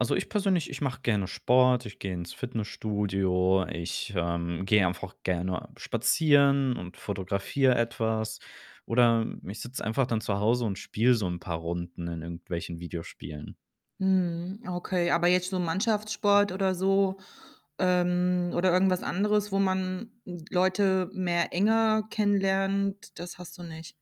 Also, ich persönlich, ich mache gerne Sport, ich gehe ins Fitnessstudio, ich, ähm, gehe einfach gerne spazieren und fotografiere etwas oder ich sitze einfach dann zu Hause und spiele so 'n paar Runden in irgendwelchen Videospielen. Mhm, okay, aber jetzt so Mannschaftssport oder so, ähm oder irgendwas anderes, wo man, äh, Leute mehr enger kennenlernt, das hast du nicht?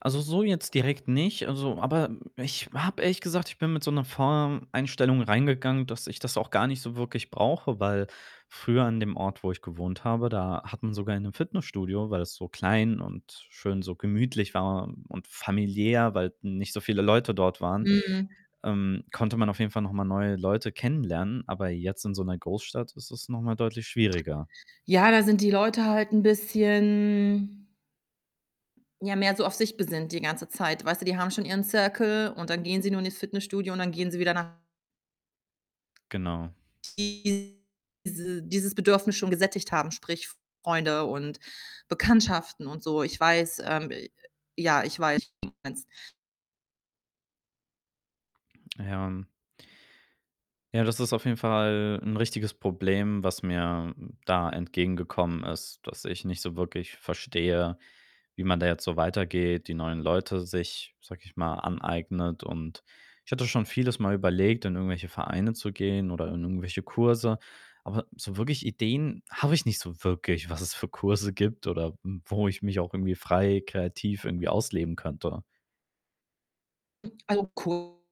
Also so jetzt direkt nicht, also aber ich habe ehrlich gesagt ich bin mit so 'ner Voreinstellung reingegangen, dass ich das auch gar nicht so wirklich brauche, weil früher an dem Ort, wo ich gewohnt habe, da hat [unintelligible] man sogar in 'nem Fitnessstudio, weil es so klein und schön, so gemütlich war und familiär weil nicht so viele Leute dort waren, Mhm. ähm, konnte man auf jeden Fall noch mal neue Leute kennenlernen, aber jetzt in so 'ner Großstadt ist es noch mal deutlich schwieriger. Ja, da sind die Leute halt 'n bisschen ja, mehr so auf sich besinnt die ganze Zeit. Weißt du, die haben schon ihren Circle und dann gehen sie nur in ihr Fitnessstudio und dann gehen sie wieder nach Genau. diese dieses Bedürfnis schon gesättigt haben, sprich Freunde und Bekanntschaften und so. Ich weiß, ähm ja, ich weiß, was du meinst. Ja, ähm ja, das ist auf jeden Fall 'n richtiges Problem, was mir da entgegengekommen ist, dass ich nicht so wirklich verstehe, wie man da jetzt so weitergeht, die neuen Leute sich, sage ich mal, aneignet, und ich hatte schon vieles mal überlegt, in irgendwelche Vereine zu gehen oder in irgendwelche Kurse, aber so wirklich Ideen habe ich nicht so wirklich, was es für Kurse gibt oder, hm, wo ich mich auch irgendwie frei kreativ irgendwie ausleben könnte. [unintelligible]